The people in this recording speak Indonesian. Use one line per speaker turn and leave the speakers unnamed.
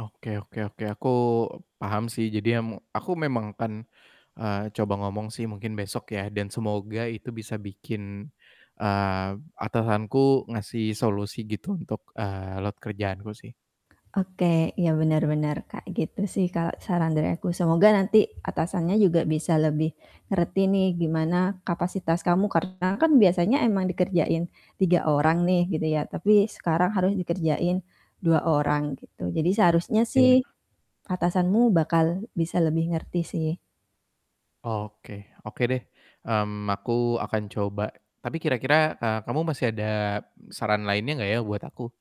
Oke oke oke aku paham sih, jadi em aku memang kan, eee, coba ngomong sih mungkin besok ya dan semoga itu bisa bikin, eee, atasanku ngasih solusi gitu untuk, eee, load kerjaanku sih.
Oke, ya bener bener kayak gitu sih kalo saran dari aku. Semoga nanti atasannya juga bisa lebih ngerti nih gimana kapasitas kamu karena kan biasanya emang dikerjain 3 orang nih gitu ya, tapi sekarang harus dikerjain 2 orang gitu, jadi seharusnya
Iya.
sih atasanmu bakal bisa lebih ngerti sih.
Oke, oke deh, mmm, aku akan coba, tapi kira-kira, eee, kamu masih ada saran lainnya gak ya buat aku?